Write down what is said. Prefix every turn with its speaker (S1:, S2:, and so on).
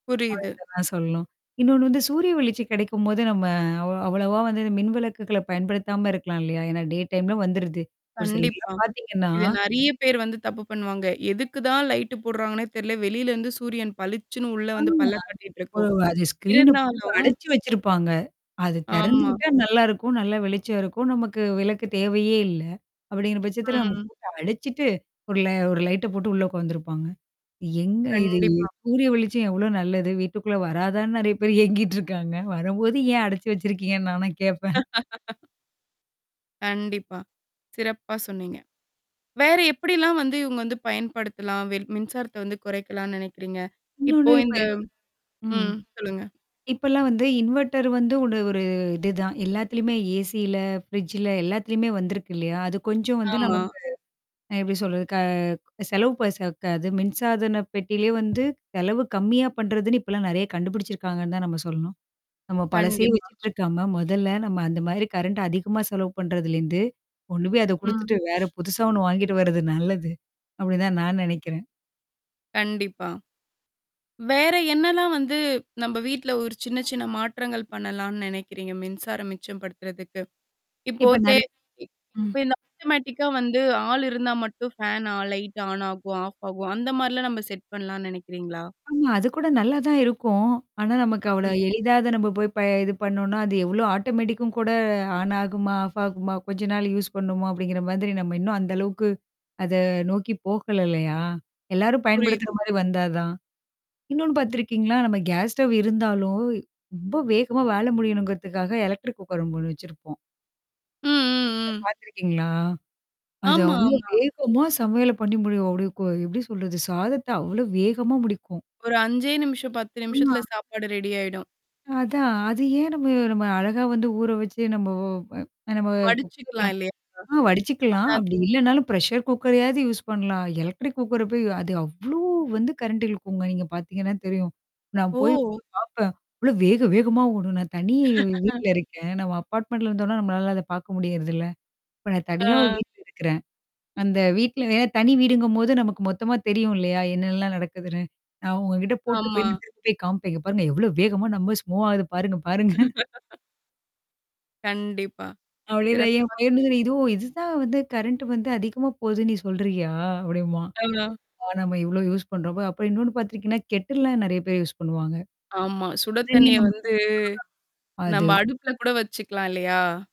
S1: புரியுது.
S2: [unintelligible] ஆ சொல்லும். இன்னொன்னு வந்து, சூரிய வெளிச்சம் கெடைக்கும்போது, நம்ம அவ் அவ்வளவா வந்து இந்த மின்விளக்குகள பயன்படுத்தாம இருக்கலாம் இல்லையா? ஏன்னா டே டைம்ல வந்துருது. ஒரு
S1: கண்டிப்பா.
S2: சிலர்லாம் பாத்தீங்கன்னா
S1: இத நெறையா பேர் வந்து தப்பு பண்ணுவாங்க. எதுக்கு தான் லைட்டு போடுறாங்கன்னே தெரில. வெளிலருந்து சூரியன் பளிச்சுன்னு உள்ள வந்து
S2: ஆமா.
S1: பல்ல காட்டிட்டு
S2: ஒரு
S1: இருக்கும்.
S2: அது ஸ்க்ரீனு போட்டு
S1: இருந்தாலும்
S2: அடச்சு வச்சிருப்பாங்க. அது தெறந்து
S1: ஆமா.
S2: விட்டா நல்லாருக்கும். நல்லா வெளிச்சம் இருக்கும். நமக்கு விளக்கு தேவையே இல்ல. அப்படிங்கிற பட்சத்தில நம்ம
S1: ம்.
S2: போட்டு அடைச்சுட்டு, ஒரு ல ஒரு லைட்ட போட்டு உள்ள உக்காந்துருப்பாங்க. எங்க இது
S1: கண்டிப்பா.
S2: சூரிய வெளிச்சம் எவ்ளோ நல்லது! வீட்டுக்குள்ள வராதான்னு நெறையா பேர் ஏங்கிட்டுருக்காங்க. வரும்போது ஏன் அடைச்சு வச்சிருக்கீங்கன்னு நாலாம் கேட்பேன்.
S1: கண்டிப்பா, சிறப்பா சொன்னீங்க. வேற எப்படிலாம் வந்து இவுங்க வந்து பயன்படுத்தலாம், வெள் மின்சாரத்த வந்து குறைக்கலாம்னு நெனைக்கிறீங்க? இப்போ
S2: இன்னொன்னு இப்ப
S1: இந்த
S2: இவ ம்.
S1: ம். சொல்லுங்க.
S2: இப்பல்லாம் வந்து, இன்வெர்ட்டர் வந்து உட ஒரு இதுதான். எல்லாத்துலயுமே ஏசில, ஃப்ரிட்ஜல, எல்லாத்துலயுமே வந்திருக்கு இல்லையா? அது கொஞ்சம் வந்து
S1: ஆமா.
S2: நமக்கு அ எப்டி சொல்றது. க செலவு ப சக்காது. மின்சாதன பெட்டியிலயே வந்து, செலவு கம்மியா பண்றதுன்னு இப்பலாம் நெறையா கண்டுபிடிச்சிருக்காங்கன்னு தான் நம்ம சொல்லணும். நம்ம பழசயே
S1: கண்டிப்பா.
S2: வச்சுட்டுருக்காம, மொதல்ல நம்ம அந்த மாதிரி கரண்ட் அதிகமா செலவு பண்றதுலேருந்து, கொண்டுபோய் அத
S1: ம்.
S2: குடுத்துட்டு வேற புதுசா 1 வாங்கிட்டு வரது நல்லது. அப்படிதான் நான் நெனைக்கிறேன்.
S1: கண்டிப்பா. வேற என்னாலாம் வந்து நம்ப வீட்ல ஒரு சின்ன சின்ன மாற்றங்கள் பண்ணலான்னு நெனைக்கிறீங்க? மின்சாரம் மிச்சம் படுத்துறதுக்கு? இப்போ
S2: இப்ப
S1: தே
S2: நெறையா ம்.
S1: இப்ப இந்த ஆட்டோமேட்டிக்கா வந்து, ஆள் இருந்தா மட்டும் ஃபேன் ஆ லைட் ஆன் ஆகும், ஆஃப் ஆகும். அந்த மாரிலாம் நம்ப செட் பண்ணலான்னு நெனைக்கிறீங்களா?
S2: ஆமா, அது கூட நல்லா தான் இருக்கும். ஆனா, நமக்கு அவ்ளோ
S1: ம்.
S2: எளிதா அத நம்ம போய் ப இது பண்ணோனா, அது எவ்வளோ ஆட்டோமேட்டிக்கும் கூட ஆன் ஆகுமா? ஆஃப் ஆகுமா? கொஞ்ச நாள் யூஸ் பண்ணணுமா? அப்படிங்கிற மாதிரி நம்ம இன்னும் அந்த அளவுக்கு அத நோக்கி போகல இல்லையா? எல்லாரும் பயன்படுத்துற
S1: புரியுது.
S2: மாரி வந்தாதான்? இன்னொன்னு பாத்திருக்கீங்களா? நம்ம கேஸ் ஸ்டவ் இருந்தாலும், ரொம்ப வேகமா வேல முடியணுங்கிறதுக்காக எலக்ட்ரிக் குக்கர் அங்க 1 வச்சிருப்போம்.
S1: ம் ம் ம்.
S2: பாத்துருக்கீங்களா? அது
S1: ஆமா
S2: அவ்ளோ
S1: ஆமா.
S2: வேகமா சமையல பண்ணி முடியும். அப்படிய கொ எப்படி சொல்றது? சாதத்த அவ்ளோ வேகமா முடிக்கும்.
S1: ஒரு 5ஏ நிமிஷம், 10
S2: ஆமா.
S1: நிமிஷத்துல சாப்பாடு ரெடி ஆயிடும்.
S2: அதான். அது ஏன் நம்ம நம்ம அழகா வந்து ஊற வச்சு நம்ப ஓ வ ஓ நம்ப குக்கர்ல
S1: வடிச்சுக்கலாம் இல்லையா?
S2: ஆ வடிச்சுக்கலாம்.
S1: அதா
S2: அப்படி இல்லன்னாலும் பிரஷர் குக்கரையாவது யூஸ் பண்ணலாம். எலக்ட்ரிக் குக்கர போய் அது அவ்ளோ வந்து கரண்டிழுக்கும்ங்க. நீங்க பாத்தீங்கன்னா தெரியும். நான் போய்
S1: ஓ!
S2: பாப்பேன். அவ்ளோ வேக வேகமா ஓடும் நான் தனி வீட்ல இருக்கேன். நம்ம அபார்ட்மெண்டட்ல இருந்தோம்ன்னா, நம்மளால அத பாக்க முடியறதில்ல. இப்ப நான்
S1: ஆ.
S2: தனியா ஒரு வீட்ல இருக்கிறேன். அந்த வீட்ல வேற தனி வீடுங்கும்போது நமக்கு மொத்தமா தெரியும் இல்லையா? என்னால்லாம் நடக்குதுன்னு? நான் அவுங்க கிட்ட போட்டு
S1: ஆமா.
S2: போய், நான் திரும்பி போய் காமிப்பேன் இங்க பாருங்க. எவ்வளோ வேகமா நம்ம ஸ் மூவ் ஆகுது! பாருங்க பாருங்க.
S1: கண்டிப்பா.
S2: அப்டின்னுவேன் என்
S1: சிறப்பா
S2: பையனும் கூட
S1: சொன்னீங்க.
S2: "ஓ! இதுவும் இதுதான் வந்து கரண்ட் வந்து அதிகமா போதுன்னு நீ சொல்றியா?" அப்படிம்பான்.
S1: ஆ,
S2: ஆ நம்ம இவ்ளோ யூஸ் பண்றோம்மா அப்புறம் இன்னொன்னு பாத்துருக்கீங்கன்னா, கெட்டில்லாம் நெறைய பேர் யூஸ் பண்ணுவாங்க.
S1: ஆமா. சுட
S2: சுடு தண்ணீ
S1: தண்ணீய
S2: நம்ம
S1: வந்து
S2: [unintelligible]
S1: நம்ம
S2: அது.
S1: அடுப்புல கூட வச்சுக்கலாம் இல்லையா?